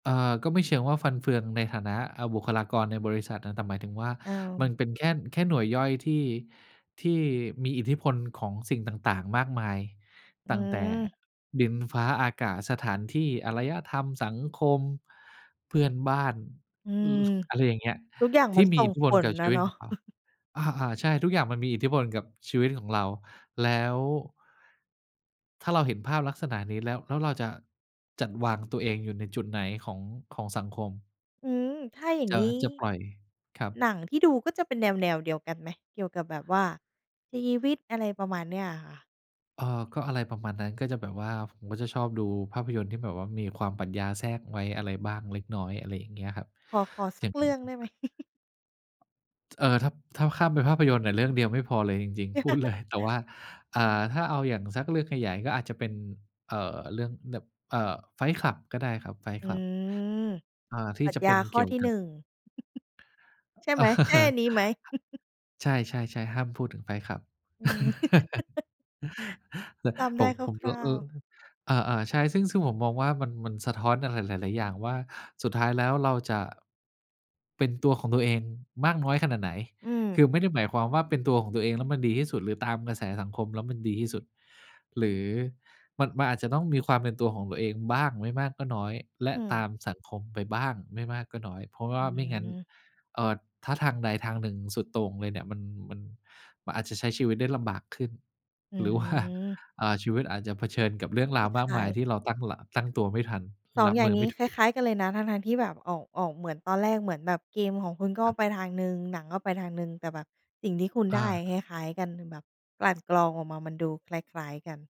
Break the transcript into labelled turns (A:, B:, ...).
A: อ่า ก็ไม่เชิงว่าฟันเฟืองในฐานะ อ่า บุคลากรในบริษัท อ แต่หมายถึงว่า
B: อื
A: มัน
B: ม
A: เป็นแค่ แค่หน่วยย่อยที่ ที่มีอิทธิพลของสิ่งต่าง ๆ มากมาย
B: อื
A: ตั้งแต่
B: ม
A: ดิน ฟ้า อากาศ สถานที่ อารยธรรม สังคม เพื่อนบ้าน
B: อื
A: อื
B: ม
A: อ ฟ อะไรอย่างเงี้ย
B: ทุกอย่าง
A: ท
B: ม
A: ี
B: ั
A: ่
B: น
A: มี
B: ส่
A: อิ
B: ง
A: ทธิพ
B: ผ
A: ลก
B: ล
A: ับ
B: อ
A: ชี
B: ะ
A: วิ
B: เน
A: ต
B: าะ
A: ของเรา อา ๆ ใช่ ทุกอย่างมันมีอิทธิพลกับชีวิตของเรา แล้ว ถ้าเราเห็นภาพลักษณะนี้แล้ว แล้วเราจะจัดวางตัวเองอยู่ในจุดไหนของ ของสังคม
B: อืม ถ้าอย่าง
A: จะ
B: งี้
A: จะปล่อย ครั
B: ห
A: บ
B: นังที่ดูก็จะเป็นแนว ๆ เดียวกันไหม? เกี่ยวกับแบบว่าชีวิต อะไรประมาณเนี้ยอะค่ะ
A: เอ่อ ก็อะไรประมาณนั้น ก็จะแบบว่า ผมก็จะชอบดูภาพยนตร์ที่แบบว่ามีความปัญญาแทรกไว้ อะไรบ้างเล็กน้อย อะไรอย่างเงี้ยครับ
B: ขอ ขอส
A: จ
B: ั
A: ะ
B: กเรื่องได้ไหม?
A: จ เอ่อ ถ้า ถ้าข้ามเป็นภาพยนตร์อะเรื่องเดียวไม่พอเลยจริง ๆ พูด เลย แต่ว่า อ่า ถ้าเอาอย่างสักเรื่องขยายก็อาจจะเป็น เอ่อ เรื่องแบบ เอ่อ Fight Club ก็ได้ครับ Fight
B: อื
A: Club
B: ม
A: อ่า ท
B: ป
A: ี่
B: รัช
A: จะ
B: ญ
A: เป
B: า
A: ็น
B: ข
A: เ
B: ้
A: ก
B: อ
A: ี่ยว
B: ที่
A: ก
B: หน
A: ั
B: ึ
A: บ
B: ่ง ใช่ไหม? ใช่อันนี้ไหม?
A: ใช่ ๆ ๆ ห้ามพูดถึง Fight Club
B: อืม จ
A: ผ
B: ำได้
A: ม ผม
B: คร
A: ก็
B: ่า
A: เอ
B: ว
A: อ
B: ๆ
A: อา ๆ ใช่ ซึ่ง ซึ่งผมมองว่ามัน มันสะท้อนอะไรหลาย ๆ อย่างว่า สุดท้ายแล้วเราจะ เป็นตัวของตัวเองมากน้อยขนาดไหน
B: อืม
A: คือไม่ได้หมายความว่า เป็นตัวของตัวเองแล้วมันดีที่สุด หรือตามกระแสสังคมแล้วมันดีที่สุด หรือมัน มันอาจจะต้องมีความเป็นตัวของตัวเองบ้างไม่มากก็น้อย และ
B: อื
A: ต
B: ม
A: ามสังคมไปบ้างไม่มากก็น้อย เพราะว
B: อ
A: ่
B: ื
A: าไม่งั้น
B: ม
A: เอ่อ ถ้าทางใดทางหนึ่งสุดโต่งเลยเนี่ย มัน มัน มันอาจจะใช้ชีวิตได้ลำบากขึ้น
B: อื
A: หรือ ว่า
B: ม
A: เอ่อ ชีวิตอาจจะเผชิญกับเรื่อง
B: ไ
A: ร
B: ม
A: าว
B: ่
A: ม
B: ข
A: ากม
B: า
A: าย
B: ย
A: ที่เราตั้ง ล ตั้งตัวไม่ทัน
B: 2
A: รับ
B: อย่
A: ม
B: า
A: ื
B: ง
A: อ
B: น
A: ไ
B: ี
A: ม
B: ้
A: ่ถ
B: ค
A: ู
B: ล
A: ก
B: ้าย ๆ กันเลยนะ ทั้ง ๆ ที่แบบออก ออกเหมือนตอนแรก เหมือนแบบเกมของคุณก็
A: ครับ
B: ไปทางหนึ่ง หนังก็ไปทางหนึ่ง แต่แบบสิ่งที่คุณ
A: อ
B: ได้
A: า
B: คล้าย ๆ กัน แบบกลั่นกรองออกมามันดูคล้าย ๆ กัน